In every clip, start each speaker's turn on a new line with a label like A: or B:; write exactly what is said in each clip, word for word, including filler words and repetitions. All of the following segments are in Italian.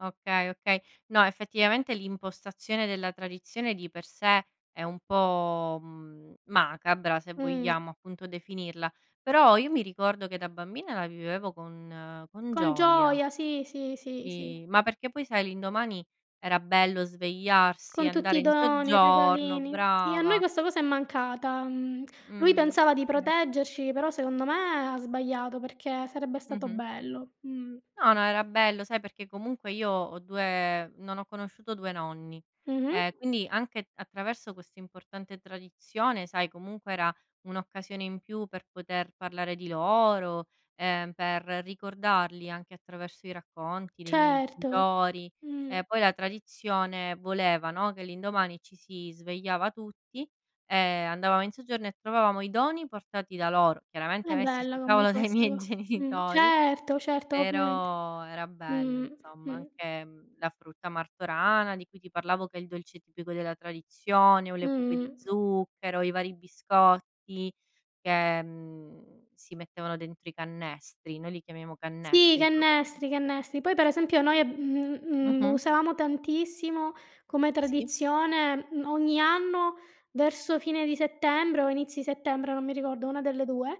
A: Okay, okay. No, effettivamente, l'impostazione della tradizione di per sé è un po', mhmm, macabra, se
B: Mh-mh.
A: vogliamo, appunto, definirla. Però, io mi ricordo che, da bambina, la vivevo con con
B: Con
A: gioia.
B: gioia, sì, sì, sì,
A: Sì,
B: sì.
A: ma perché, poi, sai, l'indomani era bello svegliarsi,
B: Con tutti
A: andare
B: i
A: in
B: doni i
A: soggiorno
B: regalini. Sì a noi
A: brava.
B: questa cosa è mancata, mhmm, lui
A: Mh-mh,
B: pensava di
A: sì.
B: proteggerci, però secondo me ha sbagliato perché sarebbe stato
A: Mh-mh.
B: bello, mh.
A: No, no, era bello, sai, perché, comunque, io ho due non ho conosciuto due nonni,
B: Mh-mh.
A: ehm quindi, anche attraverso questa importante tradizione, sai, comunque, era un'occasione in più per poter parlare di loro, ehm, per ricordarli anche attraverso i racconti dei miei
B: Certo,
A: genitori.
B: mh-mh.
A: E poi la tradizione voleva, no, che l'indomani ci si svegliava tutti e andavamo in soggiorno e trovavamo i doni portati da loro,
B: È
A: chiaramente, messi
B: bella
A: sul
B: come
A: tavolo dai
B: cosa,
A: miei
B: va mh,
A: genitori
B: certo, certo ovviamente,
A: però era bello,
B: mh-mh,
A: insomma,
B: mh.
A: anche, mhmm, la frutta martorana di cui ti parlavo, che è il dolce tipico della tradizione, o le pupe di
B: Mh-mh.
A: zucchero, i vari biscotti che, mhmm, si mettevano dentro i cannestri, noi li chiamiamo
B: Sì, i
A: cannestri, sono quelli
B: cannestri, i cannestri. Poi, per esempio, noi, mhmm, mhmm,
A: Mh-mh.
B: usavamo tantissimo come
A: Sì.
B: tradizione, mhmm, ogni anno, verso fine di settembre o inizi settembre, non mi ricordo, una delle due,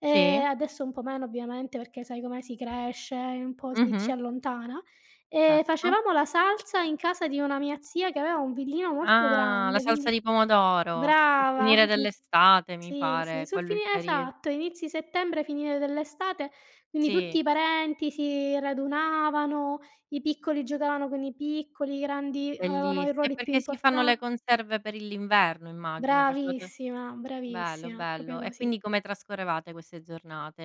B: ehm,
A: Sì.
B: adesso un po' meno, ovviamente, perché, sai com'è, si cresce e un po' si ci
A: Mh-mh.
B: allontana. Ehm,
A: Certo.
B: facevamo la salsa in casa di una mia zia che aveva un villino molto
A: Ah, la
B: grande.
A: salsa
B: Quindi
A: di pomodoro, sul
B: brava,
A: finire dell'estate mi
B: sì, sì,
A: pare,
B: sul
A: quello è il
B: finir
A: periodo.
B: esatto, inizi settembre, finire dell'estate. Quindi, tutti
A: Sì.
B: i parenti si radunavano: i piccoli giocavano con i piccoli, i grandi avevano i
A: Bellissi è
B: ruoli più
A: perché si fanno
B: importa
A: le conserve per l'inverno immagino, facevate
B: Bravissima,
A: bello,
B: bravissima, proprio
A: bello. E
B: così.
A: quindi come trascorrevate queste giornate?